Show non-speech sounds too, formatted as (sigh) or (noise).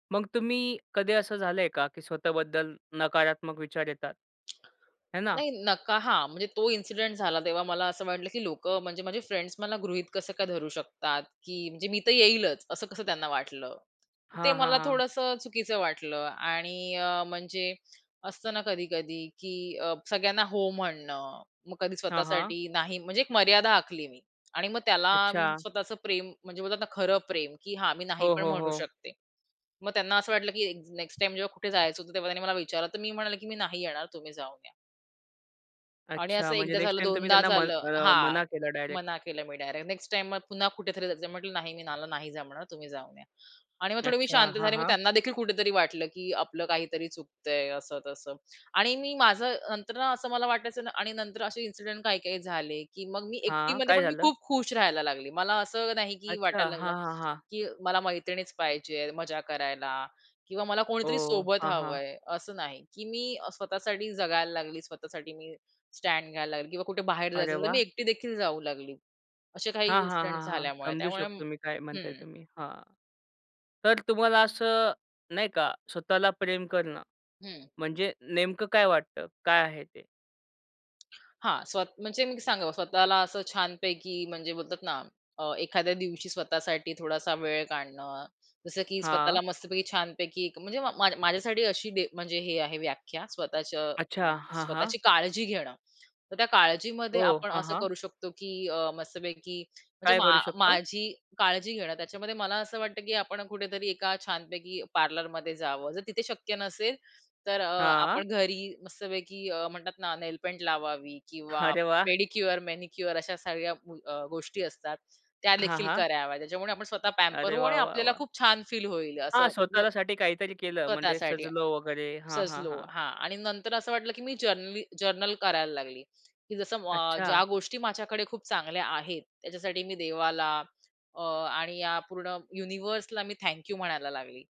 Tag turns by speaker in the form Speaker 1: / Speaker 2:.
Speaker 1: मग तुम्ही कधी असं झालंय का, की स्वतःबद्दल नकारात्मक विचार येतात? आहे ना?
Speaker 2: नाही, नका हां, म्हणजे तो इन्सिडेंट झाला तेव्हा मला असं वाटलं, की लोकं म्हणजे माझे फ्रेंड्स मला गृहीत कसं काय धरू शकतात, की म्हणजे मी तर येईलच, असं कसं त्यांना वाटलं? ते
Speaker 1: हां, हां,
Speaker 2: मला
Speaker 1: हां.
Speaker 2: थोडंसं चुकीचं वाटलं आणि अ, म्हणजे असतं ना, कधी-कधी, की अ, सगळ्यांना हो म्हणणं, मग कधी
Speaker 1: हां, हां.
Speaker 2: स्वतःसाठी नाही म्हणजे एक मर्यादा आखली मी आणि मग त्याला
Speaker 1: अच्छा.
Speaker 2: स्वतःचं प्रेम, म्हणजे बोलतात ना खरं प्रेम, की हा, मी नाही
Speaker 1: हो,
Speaker 2: पण
Speaker 1: हो,
Speaker 2: म्हणू
Speaker 1: हो.
Speaker 2: शकते. मग त्यांना असं वाटलं, की ए नेक्स्ट टाईम जेव्हा कुठे जायचं होतं, तेव्हा त्यांनी मला विचारलं तर मी म्हणेल, की "मी नाही येणार, तुम्ही जाऊन या." आणि
Speaker 1: अच्छा.
Speaker 2: असं
Speaker 1: म्हणजे
Speaker 2: एकदा
Speaker 1: नेक्स्ट
Speaker 2: झालं,
Speaker 1: टाईम तुम्ही
Speaker 2: दोनदा
Speaker 1: त्यांना म
Speaker 2: झालं
Speaker 1: अ,
Speaker 2: हां,
Speaker 1: मना केलं डायरेक्ट.
Speaker 2: मना केलं मी डायरेक्ट. नेक्स्ट टाईम मग पुन्हा कुठेतरी जायचं आहे, म्हटलं, "नाही, मी मला नाही जमणार, तुम्ही जाऊन या" आणि मग थोडे मी
Speaker 1: अच्छा.
Speaker 2: शांत
Speaker 1: हां,
Speaker 2: झाले. मग
Speaker 1: हां.
Speaker 2: त्यांना देखील कुठेतरी वाटलं, की आपलं काहीतरी चुकतंय असं-तसं आणि मी माझं नंतर ना, असं मला नाला वाटायचं ना आणि नंतर असे इन्सिडेंट काही-काही झाले, की मग मी
Speaker 1: हां,
Speaker 2: एकटीमध्ये
Speaker 1: काय
Speaker 2: पण मी
Speaker 1: झालं?
Speaker 2: खूप खुश राहायला लागली. मला असं नाही, की
Speaker 1: अच्छा.
Speaker 2: वाटायला लागलं,
Speaker 1: हां ,हां, हां.
Speaker 2: की मला मैत्रिणीच पाहिजे आहे मजा करायला किंवा मला कोणीतरी
Speaker 1: ओह!
Speaker 2: सोबत
Speaker 1: हां,
Speaker 2: हवं
Speaker 1: हां.
Speaker 2: आहे. असं नाही, की मी स्वतःसाठी जगायला लागली, स्वतःसाठी मी स्टँड घ्यायला लागली किंवा कुठे बाहेर जायचं
Speaker 1: अरे
Speaker 2: असेल तर मी
Speaker 1: वाह!
Speaker 2: एकटी देखील जाऊ लागली. असे काही
Speaker 1: हां, हां,
Speaker 2: इन्सिडेंट
Speaker 1: हां, हां,
Speaker 2: झाल्यामुळे.
Speaker 1: समजू
Speaker 2: त्यामुळे
Speaker 1: शकतो मी काय म्हणताय
Speaker 2: हं.
Speaker 1: तुम्ही, हां. तर तुम्हाला असं नाही का, स्वतःला प्रेम करणं
Speaker 2: हं.
Speaker 1: म्हणजे नेमकं काय वाटतं? काय आहे ते?
Speaker 2: हां, स्वतः म्हणजे मी सांगावं स्वतःला असं छानपैकी, म्हणजे बोलतात ना, अ, एखाद्या दिवशी स्वतःसाठी थोडासा वेळ काढणं, जसं की स्वतःला
Speaker 1: हां.
Speaker 2: मस्तपैकी छानपैकी एक म्हणजे मा माझ्यासाठी अशी डे म्हणजे हे आहे व्याख्या, स्वतःच्या
Speaker 1: अच्छा. हां, हां.
Speaker 2: स्वतःची काळजी घेणं. तर त्या काळजीमध्ये
Speaker 1: हो,
Speaker 2: आपण
Speaker 1: हां,
Speaker 2: असं
Speaker 1: हां.
Speaker 2: करू शकतो, की अ, मस्तपैकी म्हणजे
Speaker 1: काय
Speaker 2: मा
Speaker 1: करू शकतो?
Speaker 2: माझी काळजी घेणं, त्याच्यामध्ये मला असं वाटतं, की आपण कुठेतरी एका छानपैकी पार्लरमध्ये जावं, जर तिथे शक्य नसेल तर अ,
Speaker 1: हां.
Speaker 2: आपण घरी मस्तपैकी अ, म्हणतात ना, नेलपेंट लावावं किंवा
Speaker 1: अरे वाह!
Speaker 2: पेडिक्युअर, मॅनिक्युअर अशा सगळ्या व अ, गोष्टी असतात,
Speaker 1: हां,
Speaker 2: त्यादेखील
Speaker 1: हां.
Speaker 2: कराव्यात, त्याच्यामुळे आपण स्वतः पॅम्पर
Speaker 1: अरे
Speaker 2: होऊ
Speaker 1: वाह!
Speaker 2: आणि
Speaker 1: वाह!
Speaker 2: आपल्याला
Speaker 1: वाह!
Speaker 2: खूप छान फील होईल
Speaker 1: हां,
Speaker 2: असं (unintelligible)
Speaker 1: स्वतःसाठी काहीतरी केलं म्हणजे
Speaker 2: स्वतःसाठी,
Speaker 1: सजलो वगैरे हां, हां,
Speaker 2: सजलो
Speaker 1: हां.
Speaker 2: हां आणि नंतर असं वाटलं, की मी जेनरली जर्नल करायला लागली, की जसं म अ,
Speaker 1: अच्छा.
Speaker 2: ज्या गोष्टी माझ्याकडे खूप चांगल्या आहेत, त्याच्यासाठी मी देवाला, अ, आणि या पूर्ण युनिव्हर्सला मी थँक यू म्हणायला लागली.